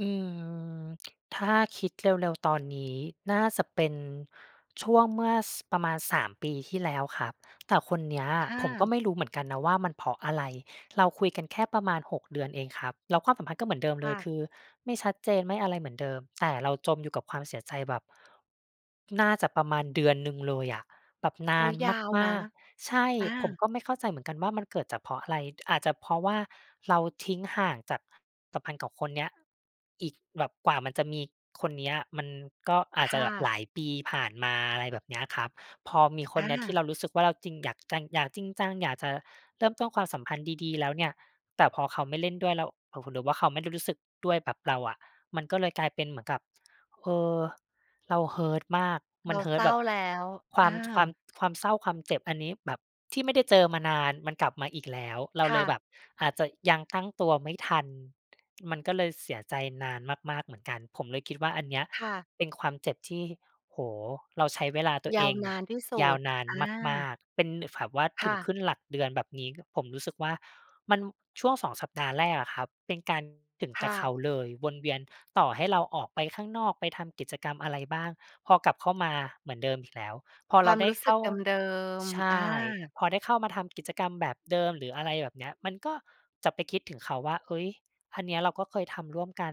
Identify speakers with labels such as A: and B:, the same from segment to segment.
A: อืม ถ้าคิดเร็ว ๆ ตอนนี้ น่าจะเป็นช่วงเมื่อ ส ประมาณ 3 ปีที่แล้วครับ แต่คนเนี้ย
B: ค่
A: ผมก
B: ะ
A: ็ไม่รู้เหมือนกันนะว่า มันเพราะอะไร เราคุยกันแค่ประมาณ 6 เดือนเองครับ แล้วความสัมพันธ์ก็เหมือนเดิม
B: ค
A: เล
B: ่
A: ย
B: ะ
A: คือไม่ชัดเจน ไม่อะไรเหมือนเดิม แต่เราจมอยู่กับความเสียใจแบบ น่าจะประมาณเดือนหนึ่งเลยอะ แบบน
B: โอ๊
A: า
B: ย
A: น
B: ยาว
A: ม
B: นะ
A: าก ๆ ใช่
B: อ
A: ผม
B: า
A: ก็ไม่เข้าใจเหมือนกันว่า มันเกิดจาก เพราะอะไร อาจจะเพราะว่า เราทิ้งห่างจาก สัมพันธ์กับคนเนี้ย อีกแบบ กว่ามันจะมีคนเนี้ยมันก็อาจ
B: ค
A: จะ
B: ่
A: แบบ
B: ะ
A: หลายปีผ่านมา อะไรแบบเนี้ยครับ พอมีค
B: อ
A: นเนี้ยที่
B: า
A: เรารู้สึกว่า เราจริง อยากจัง อยากจริงจัง อยากจะเริ่มต้นความสัมพันธ์ดี ๆ แล้วเนี่ย แต่พอเขาไม่เล่นด้วยแล้ว หรือว่าเขาไม่รู้สึกด้วยแบบเราอะ มันก็เลยกลายเป็นเหมือนกับ เออ เรา hurt มาก
B: เ
A: ม
B: ร
A: ั
B: า
A: น
B: เศ
A: hurt
B: ร้
A: แ
B: า
A: บบ
B: แล้ว
A: คว
B: อ
A: าม ท ความ
B: า
A: ความเศร้า ความเจ็บ อันนี้แบบที่ไม่ได้เจอมานาน มันกลับมาอีกแล้ว เรา
B: ค
A: เ
B: ่
A: ลยแ
B: ะ
A: บบอาจจะยังตั้งตัวไม่ทัน มันก็เลยเสียใจนานมาก ๆ เหมือนกัน ผมเลยคิดว่า อันเนี้ย
B: ค่ะ
A: เป็นความเจ็บที่ โอ้โฮ เราใช้เวลาตัว
B: ย
A: เอ
B: าว
A: ง
B: น
A: เนี
B: า
A: ่ย
B: นที่สุ
A: ยาว
B: ด
A: นาน
B: อ
A: ม
B: า
A: าก ๆ เป็นแบบว่า
B: ค
A: ถ
B: ่
A: ึง
B: ะ
A: ขึ้นหลักเดือนแบบนี้ ผมรู้สึกว่า มัน ช่วง 2 สัปดาห์แรกอะครับ เป็นการ ถึง
B: ค
A: แต่
B: ่
A: เข
B: ะ
A: าเลย วนเวียน ต่อให้เราออกไปข้างนอกไปทำกิจกรรมอะไรบ้าง พอกลับเข้ามาเหมือนเดิมอีกแล้ว พอ
B: คว
A: เร
B: า
A: า
B: ม
A: ได้
B: รู้ส
A: เ
B: ึ
A: ข้
B: ก
A: า
B: เดิม
A: ใช
B: ๆ อ
A: ่
B: า
A: พอได้เข้ามาทำกิจกรรมแบบเดิม หรืออะไรแบบเนี้ย มันก็จะไปคิดถึงเขาว่า เฮ้ย อันเนี้ยเราก็เคยทำร่วมกัน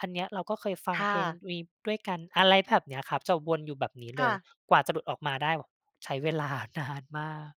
A: อันเนี้ยเราก็เคยฟั
B: ค
A: ง
B: ่
A: เพลง
B: ะ
A: นี้ด้วยกัน อะไรแบบเนี้ยครับ จะวนอยู่แบบนี้
B: ค
A: เล
B: ่
A: ย
B: ะ
A: กว่าจะหลุดออกมาได้แบบใช้ เวลานานมาก